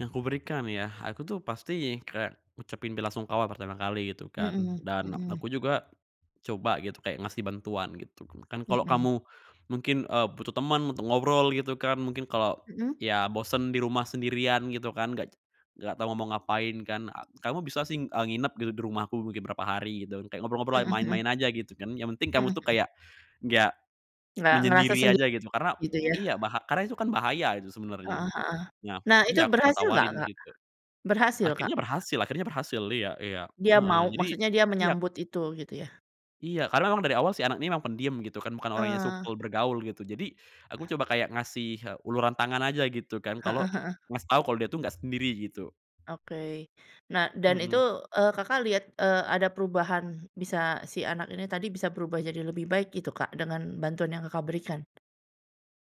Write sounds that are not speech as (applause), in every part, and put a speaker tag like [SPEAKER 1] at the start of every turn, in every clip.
[SPEAKER 1] Yang kuberikan ya, aku tuh pasti kayak ngucapin belasungkawa pertama kali gitu kan,
[SPEAKER 2] Mhm
[SPEAKER 1] dan ak
[SPEAKER 2] mhm.
[SPEAKER 1] aku juga coba gitu kayak ngasih bantuan gitu. Kan kalau
[SPEAKER 2] Mhm.
[SPEAKER 1] kamu mungkin, eee, butuh temen untuk ngobrol gitu kan, mungkin kalau,
[SPEAKER 2] Mhm.
[SPEAKER 1] iya, bosen di rumah sendirian gitu kan, nggak nggak tahu mau ngapain kan, ah, kamu bisa sing eee, nginap di di rumahku mungkin berapa hari gitu, kayak ngobrol-ngobrol,
[SPEAKER 2] Mhm mhm.
[SPEAKER 1] main-main aja gitu kan. Yang penting kamu
[SPEAKER 2] Mhm
[SPEAKER 1] tuh
[SPEAKER 2] mhm.
[SPEAKER 1] kayak enggak
[SPEAKER 2] Enggak ngerasa
[SPEAKER 1] menyendiri
[SPEAKER 2] sendi
[SPEAKER 1] aja gitu, karena
[SPEAKER 2] gitu ya?
[SPEAKER 1] iya, baha karena itu kan bahaya itu sebenernya.
[SPEAKER 2] Heeh heeh.
[SPEAKER 1] Nah
[SPEAKER 2] Nah, itu
[SPEAKER 1] iya, gua
[SPEAKER 2] berhasil nggak,
[SPEAKER 1] tawarin
[SPEAKER 2] Kak?
[SPEAKER 1] gitu.
[SPEAKER 2] Berhasil, Kak?
[SPEAKER 1] Akhirnya berhasil akhirnya berhasil, iya iya,
[SPEAKER 2] Dia
[SPEAKER 1] heeh,
[SPEAKER 2] mau
[SPEAKER 1] jadi
[SPEAKER 2] maksudnya dia
[SPEAKER 1] iyap.
[SPEAKER 2] menyambut itu, gitu ya?
[SPEAKER 1] Iya, karena memang dari awal si anak ini memang pendiem gitu kan, bukan orang yang
[SPEAKER 2] Eh.
[SPEAKER 1] supel bergaul gitu. Jadi aku coba kayak ngasih he uluran tangan aja gitu kan, kalo
[SPEAKER 2] Heeh heeh.
[SPEAKER 1] ngasih tahu kalo dia tuh nggak sendiri gitu.
[SPEAKER 2] Oke. Nah, dan itu,
[SPEAKER 1] Hmm.
[SPEAKER 2] eee, Kakak lihat, eee, ada perubahan bisa si anak ini tadi, bisa berubah jadi lebih baik gitu, Kak, dengan bantuan yang Kakak berikan?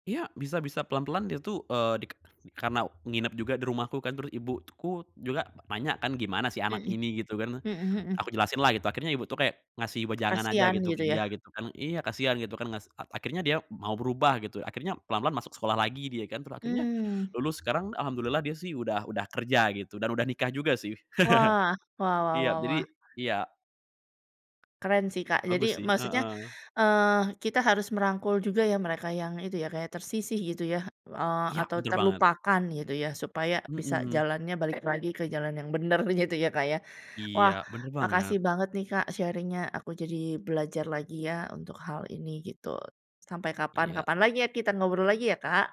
[SPEAKER 1] Iya, bisa bisa, pelan-pelan dia tuh, eee, dika karena nginep juga di rumahku kan, terus ibuku juga nanya kan, "Gimana si anak
[SPEAKER 2] Mhm,
[SPEAKER 1] ini?" Gitu kan.
[SPEAKER 2] hmm
[SPEAKER 1] Aku
[SPEAKER 2] hmm.
[SPEAKER 1] jelasin lah itu, akhirnya ibu tuh kayak ngasih wejangan aja
[SPEAKER 2] Kasihan
[SPEAKER 1] gitu ke
[SPEAKER 2] gitu ya?
[SPEAKER 1] dia gitu kan iya, kasihan gitu kan ngas a akhirnya dia mau berubah gitu. Akhirnya pelan-pelan masuk sekolah lagi dia kan, terus akhirnya
[SPEAKER 2] Mmm.
[SPEAKER 1] lulus, sekarang alhamdulillah dia sih udah udah kerja gitu, dan udah nikah juga sih.
[SPEAKER 2] Wah,
[SPEAKER 1] (chuckles)
[SPEAKER 2] wah wah
[SPEAKER 1] Iya,
[SPEAKER 2] wah
[SPEAKER 1] jadi
[SPEAKER 2] wah.
[SPEAKER 1] iya.
[SPEAKER 2] Keren sih, Kak,
[SPEAKER 1] Bagus
[SPEAKER 2] jadi
[SPEAKER 1] sih,
[SPEAKER 2] maksudnya,
[SPEAKER 1] heeh.
[SPEAKER 2] eee, kita harus merangkul juga ya, mereka yang itu ya, kayak tersisih gitu ya, eee,
[SPEAKER 1] Iya,
[SPEAKER 2] atau
[SPEAKER 1] betul banget.
[SPEAKER 2] terlupakan gitu ya. Supaya bisa
[SPEAKER 1] Mhm.
[SPEAKER 2] jalannya balik lagi ke jalan yang bener gitu ya, Kak ya?
[SPEAKER 1] Iya,
[SPEAKER 2] Wah,
[SPEAKER 1] bener
[SPEAKER 2] makasih
[SPEAKER 1] banget.
[SPEAKER 2] banget nih, Kak, sharing-nya aku jadi belajar lagi ya untuk hal ini gitu. Sampai
[SPEAKER 1] Iya.
[SPEAKER 2] kapan-kapan lagi ya, kita ngobrol lagi ya, Kak.